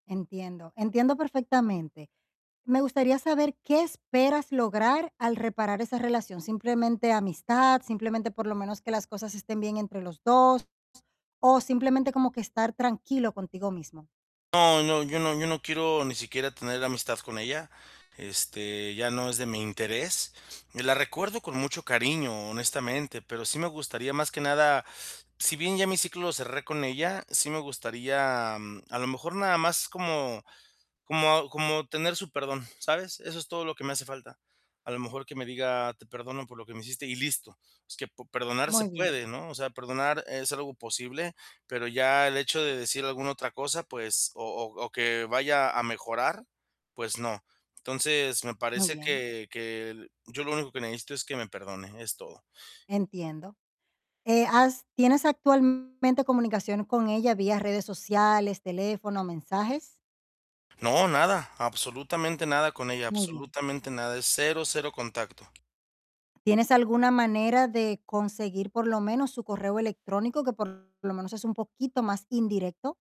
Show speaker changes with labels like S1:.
S1: Entiendo, entiendo perfectamente. Me gustaría saber qué esperas lograr al reparar esa relación, ¿simplemente amistad? ¿Simplemente por lo menos que las cosas estén bien entre los 2? ¿O simplemente como que estar tranquilo contigo mismo?
S2: No, no, yo no yo no quiero ni siquiera tener amistad con ella, este, ya no es de mi interés, la recuerdo con mucho cariño, honestamente, pero sí me gustaría más que nada si bien ya mi ciclo lo cerré con ella, sí me gustaría a lo mejor nada más como como como tener su perdón, ¿sabes?, eso es todo lo que me hace falta. A lo mejor que me diga: "Te perdono por lo que me hiciste", y listo, es que po perdonar se
S1: Muy bien.
S2: puede, ¿no?, o sea, perdonar es algo posible, pero ya el hecho de decir alguna otra cosa, pues o o o que vaya a mejorar, pues, no, entonces, me
S1: Muy
S2: parece
S1: bien.
S2: que que yo lo único que necesito es que me perdone, es todo.
S1: Entiendo. Eh, ¿has tienes actualmente comunicación con ella vía redes sociales, teléfono, mensajes?
S2: No, nada, absolutamente nada con ella,
S1: Muy bien.
S2: absolutamente nada. Es 0, 0 contacto.
S1: ¿Tienes alguna manera de conseguir por lo menos su correo electrónico, que por lo menos es un poquito más indirecto?